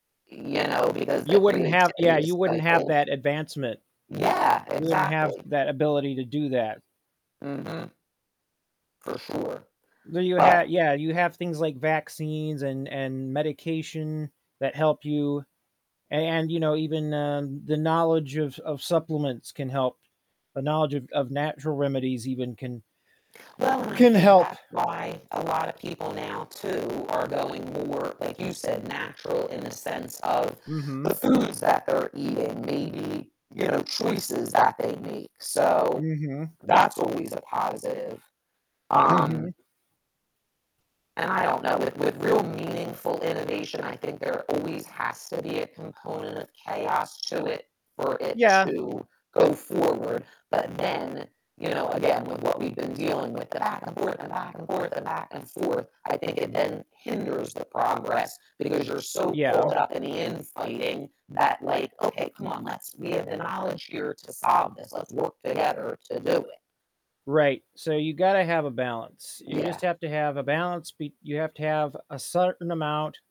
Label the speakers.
Speaker 1: You know, because the
Speaker 2: You wouldn't have
Speaker 1: creativity
Speaker 2: yeah,
Speaker 1: is
Speaker 2: you wouldn't have
Speaker 1: stifled.
Speaker 2: that advancement.
Speaker 1: Yeah,
Speaker 2: You wouldn't have
Speaker 1: exactly.
Speaker 2: that ability to do that.
Speaker 1: Mhm. For sure,
Speaker 2: Do you ha
Speaker 1: but
Speaker 2: yeah, you have things like vaccines and and medication that help you a and, you know, even, uh, the knowledge of of supplements can help. The knowledge of of natural remedies even can
Speaker 1: Well and I
Speaker 2: can
Speaker 1: think
Speaker 2: help.
Speaker 1: that's why a lot of people now, too, are going more, like you said, natural in the sense of the
Speaker 2: Mhm.
Speaker 1: foods that they're eating, maybe, you know, choices that they make. So
Speaker 2: Mhm.
Speaker 1: that's always a positive. Um
Speaker 2: Mhm.
Speaker 1: And I don't know, with with real meaningful innovation, I think there always has to be a component of chaos to it for it
Speaker 2: Yeah.
Speaker 1: to go forward. But then, you know, again, with what we've been dealing with the back and forth and back and forth and back and forth, I think it then hinders the progress because you're so
Speaker 2: Yeah.
Speaker 1: caught up in the infighting that, like, "Okay, come on, let's we have the knowledge here to solve this. Let's work together to do it."
Speaker 2: Right. So you gotta have a balance. You just
Speaker 1: Yeah.
Speaker 2: have to have a balance b you have to have a certain amount